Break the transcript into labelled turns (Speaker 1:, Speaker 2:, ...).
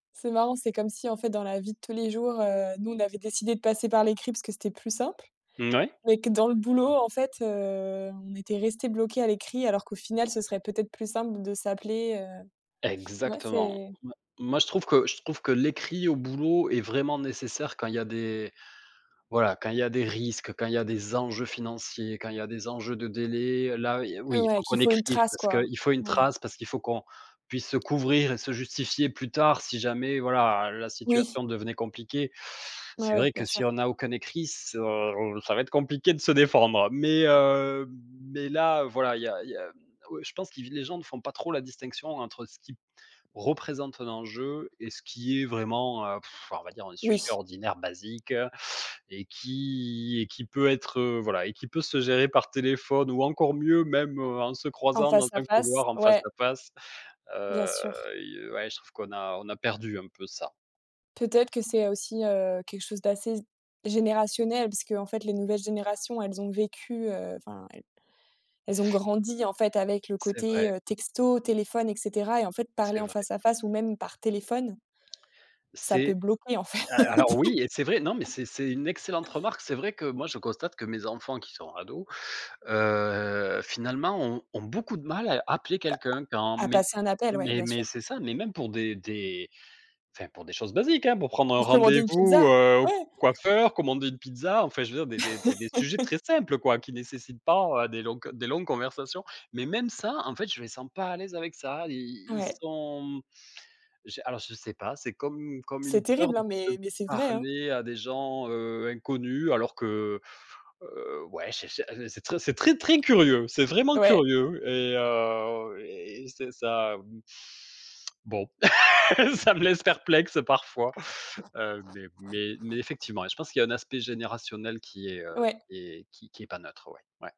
Speaker 1: C'est marrant, c'est comme si en fait dans la vie de tous les jours, heu, nous on avait décidé de passer par l'écrit parce que c'était plus simple.
Speaker 2: Mmh ouais.
Speaker 1: Mais que dans le boulot en fait, heu, on était resté bloqué à l'écrit alors qu'au final ce serait peut-être plus simple d de s'appeler. Heu, ouais
Speaker 2: Exactement.
Speaker 1: c'est
Speaker 2: M moi je trouve que je trouve que l'écrit au boulot est vraiment nécessaire quand il y a des voilà, quand il y a des risques, quand il y a des enjeux financiers, quand il y a des enjeux de délai, là
Speaker 1: Heu,
Speaker 2: oui, il
Speaker 1: ouais,
Speaker 2: faut
Speaker 1: qu'il
Speaker 2: qu'on
Speaker 1: faut une
Speaker 2: écrive
Speaker 1: trace
Speaker 2: parce
Speaker 1: quoi,
Speaker 2: qu'il faut une
Speaker 1: ouais.
Speaker 2: trace, parce qu'il faut qu'on puisse se couvrir et se justifier plus tard si jamais, voilà, la
Speaker 1: Oui.
Speaker 2: situation devenait compliquée. C'est
Speaker 1: Ouais,
Speaker 2: vrai
Speaker 1: bien
Speaker 2: que
Speaker 1: sûr.
Speaker 2: si on n'a aucun écrit, [unintelligible] ça va être compliqué de se défendre, mais heu, mais là, voilà, il y a il y a ouais, je pense qui v les gens ne font pas trop la distinction entre ce qui représente un enjeu et ce qui est vraiment, heu, pff, on va dire un sujet
Speaker 1: Oui.
Speaker 2: ordinaire basique et qui et qui peut être heu, voilà et qui peut se gérer par téléphone ou encore mieux même en se
Speaker 1: En
Speaker 2: croisant dans
Speaker 1: face à
Speaker 2: un
Speaker 1: face,
Speaker 2: couloir en face
Speaker 1: ouais.
Speaker 2: à face,
Speaker 1: Bien
Speaker 2: heu,
Speaker 1: sûr.
Speaker 2: i ouais je trouve qu'on a on a perdu un peu ça.
Speaker 1: Peut-être que c'est aussi, heu, quelque chose d'assez z générationnel puisqu'en fait les nouvelles générations, elles ont vécu heu, enfin elles elles ont grandi en fait avec le
Speaker 2: C'est
Speaker 1: côté,
Speaker 2: vrai.
Speaker 1: heu, texto, téléphone et cetera et en fait parler
Speaker 2: C'est
Speaker 1: en
Speaker 2: vrai.
Speaker 1: face à face ou même par téléphone ça peut
Speaker 2: C'est
Speaker 1: bloquer en fait.
Speaker 2: heu, alors oui et c'est vrai. Non, mais c'est c'est une excellente remarque, c'est vrai que moi je constate que mes enfants qui sont ados, heu, finalement, ont ont beaucoup de mal à appeler quelqu'un quand
Speaker 1: À
Speaker 2: mais
Speaker 1: passer un appel, ouais, bien sûr.
Speaker 2: mais c'est ça, mais même pour des des enfin pour des choses basiques, hein, pour prendre un
Speaker 1: Pour commander une
Speaker 2: rendez-vous,
Speaker 1: pizza,
Speaker 2: heu, au
Speaker 1: ouais.
Speaker 2: coiffeur, commander une pizza, enfin je veux dire des des des des sujets très simples quoi, qui nécessitent pas des longs que des longues conversations, mais même ça, en fait, je les sens pas à l'aise avec ça, ils ils ils
Speaker 1: Ouais.
Speaker 2: sont j'ai alors je sais pas, c'est comme une comme
Speaker 1: C'est
Speaker 2: une peur
Speaker 1: terrible, hein,
Speaker 2: de
Speaker 1: mais mais c'est vrai, hein.
Speaker 2: parler à des gens, heu, inconnus alors que, heu, ouais ché ché heu, c'est très c'est très, très curieux, c'est vraiment
Speaker 1: Ouais.
Speaker 2: curieux et heu et c'est ça. Mmh. Bon ça me laisse perplexe parfois, heu, mais mais mais effectivement je pense qu'il y un aspect générationnel qui est heu,
Speaker 1: Ouais.
Speaker 2: qui est qui qui est pas neutre, ouais, ouais.